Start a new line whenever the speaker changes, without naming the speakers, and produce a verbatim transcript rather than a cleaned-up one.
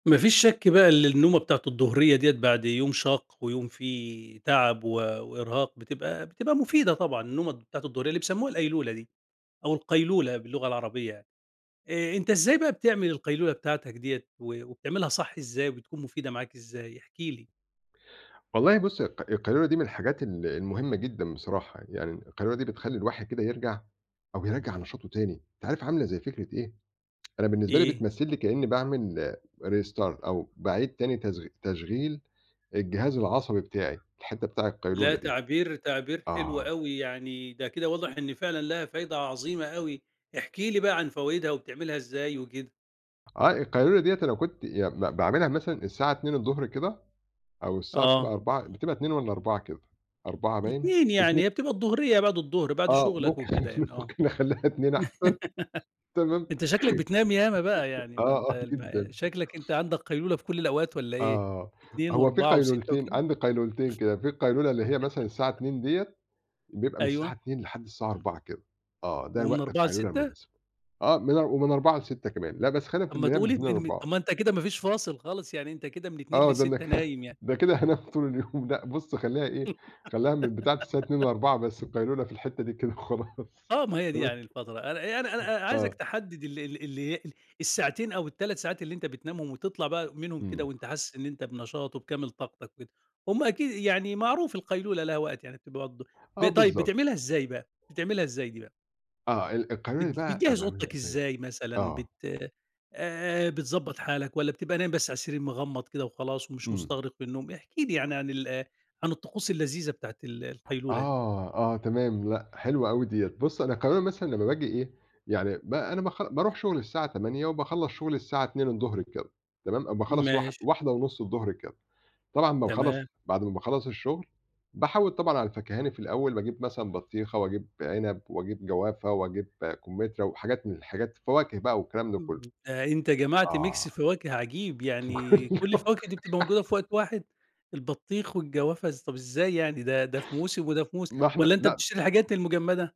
ما فيش شك بقى اللي النومة بتاعة الضهرية ديّة بعد يوم شاق، ويوم فيه تعب و وإرهاق، بتبقى بتبقى مفيدة طبعًا، النومة بتاعة الضهرية اللي بيسمُّوها القيلولة دي، أو القيلولة باللغة العربية يعني، آآ أنت إزاي بقى بتعمل القيلولة بتاعتك ديّة، و وبتعملها صح إزاي؟ وبتكون مفيدة معاك إزاي؟ احكِ لي.
والله بُص الق القيلولة دي من الحاجات ال المهمّة جدًا بصراحة، يعني القيلولة دي بتخلّي الواحد كده يرجَع، أو يرجَّع نشاطه تاني، أنت عارف عاملة زي فكرة إيه؟ أنا بالنسبة لي
إيه؟
بتمثِّل لي كإني باعمل restart أو باعيد تاني تشغ تشغيل الجهاز العصبي بتاعي، الحتة بتاع
لا
القيلولة دي.
تعبير تعبير حلو
آه.
أوي يعني، ده كده واضح إن فعلًا ليها فايدة عظيمة أوي، احكِ لي بقى عن فوايدها وبتعملها إزاي وكده؟
آه القيلولة ديّة أنا كنت يع ب باعملها مثلًا الساعة اتنين الضُهر كده، أو الساعة
آه.
بتبقى أربعة، بتبقى اتنين والّا أربعة كده، أربعة باين،
اتنين
اتني
يعني، هي بتبقى الضُهرية يا بعد الضُهر بعد
آه
شغلك
ممكن
وكده يعني آه،
ممكن نخلّيها اتنين أحسن، تمام؟
أنت شكلك بتنام ياما بقى يعني ما
آه،
أنت
آه،
الم
جدًا.
شكلك أنت عندك قيلولة في كلّ الأوقات والّا إيه،
آه،
اتنين
هو فيه
وأربعة وستّة
قيلولتين
وكده؟
عندي قيلولتين كده؛ في القيلولة اللي هي مثلًا الساعة اتنين ديّة، بيبقى من الساعة
أيوه.
اتنين لحد الساعة أربعة كده، آه ده
ومن
وقت
أربعة
القيلولة
لستّة؟
المناسب، آه من ومن أربعة لستّة كمان، لأ بس خلينا في
طَب ما
اللي هي من
تقول
اتنين
م م طَب
لأربعة.
ما أنت كده ما فيش فاصل خالص، يعني أنت كده من اتنين
آه ده أنا ك
لستّة نايم يعني.
ده كده هانام طول اليوم، لأ بُص خلّيها إيه، خلّيها من بتاعة الساعة اتنين لأربعة بس القيلولة في الحتّة دي كده وخلاص.
آه ما هي دي
تمام؟
يعني الفترة، أنا أنا أنا عايزك
آه.
تحدّد ال ال اللي ال الساعتين أو التلات ساعات اللي أنت بتنامهم وتطَلع بقى منهم كده
إمم.
وأنت حاسس إن أنت بنشاط وبكامل طاقتك كده، هُم أكيد يعني معروف القيلولة لها وقت يعني بتبقى برضو،
آه
ب طيب
بالضبط.
بتعملها إزاي بقى، بتعملها إزاي دي بقى؟
آه ال القيلولة
بت
دي بقى أنا
بتجهِّز
باعملها
أوضتك
إزاي؟
إزاي مثلًا
آه.
بت آآ بتضبَّط حالك، والّا بتبقى نايم بس على السرير مغمّض كده وخلاص ومش
إمم.
مستغرق في النوم؟ احكِ لي يعني عن ال عن الطقوس اللذيذة بتاعة ال القيلولة دي.
آه، آه تمام، لأ حلوة أوي ديّة، بُص أنا كمان مثلًا لمّا باجي إيه، يعني ب أنا باخ بارُوح شغلي الساعة تمانية وباخلَّص شغلي الساعة اتنين الضُهر كده تمام، باخلَّص واح
ماشي.
واحدة ونُص الضُهر كده، طبعًا لمّا باخلَّص
تمام.
بعد ما باخلَّص الشغل، باحوِّد طبعًا على الفاكهاني في الأول باجيب مثلًا بطيخة، واجيب عنب واجيب جوافة واجيب كمترى، وحاجات من الحاجات فواكه بقى والكلام ده
إمم.
كلّه،
ده أنت جمعت ميكس
آه.
فواكه عجيب، يعني كلّ
[unintelligible]
الفواكه دي بتبقى موجودة في وقت واحد؟ البطيخ والجوافة إز طَب إزاي يعني؟ ده، ده في موسم وده في موسم،
ما إحنا
والّا أنت
لأ.
بتشتري الحاجات المجمدة؟